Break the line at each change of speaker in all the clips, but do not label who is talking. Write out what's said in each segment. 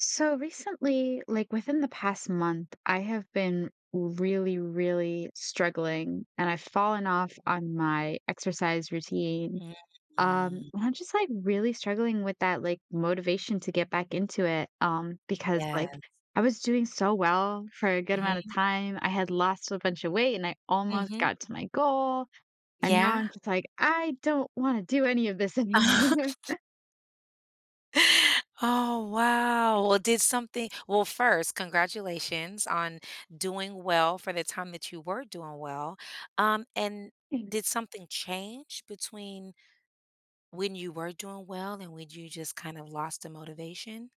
So, recently, like, within the past month, I have been really, really struggling, and I've fallen off on my exercise routine. Um,
Mm.
I'm just, like, really struggling with that, like, motivation to get back into it, um, because,
Yes.
like, I was doing so well for a good amount of
Mhm.
time, I had lost a bunch of weight, and I almost
Mhm.
got to my goal, and now
Yeah.
I'm just like, "I don't wanna do any of this anymore."
Oh, wow, well, did something well, first, congratulations on doing well for the time that you were doing well, um, and did
Thanks.
something change between when you were doing well and when you just kind of lost the motivation?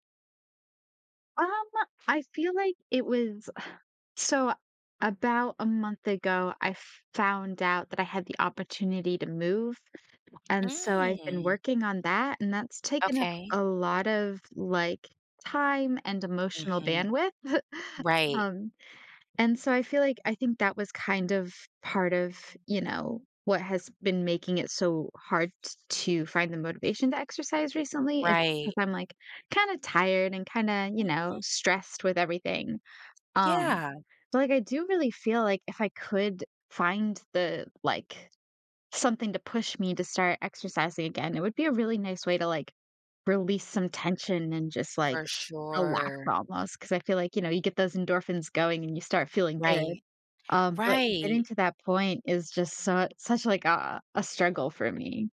Um, uh, I feel like it was so, about a month ago, I f found out that I had the opportunity to move, and so, I've been
Mm.
working on that, and that's taken up
Okay.
a lot of, like, time and emotional
Mhm.
bandwidth,
Right.
um, and so, I feel like I think that was kind of part of, you know, what has been making it so hard t to find the motivation to exercise recently is
Right.
because I'm, like, kinda tired and kinda, you
Mhm.
know, stressed with everything, um,
Yeah.
but, like, I do really feel like if I could find the, like, something to push me to start exercising again, it would be a really nice way to, like, release some tension and just, like,
For
relax
sure.
almost 'cause I feel like, you know, you get those endorphins going and you start feeling good,
Right.
um, but getting
Right!
to that point is just su such like a a struggle for me.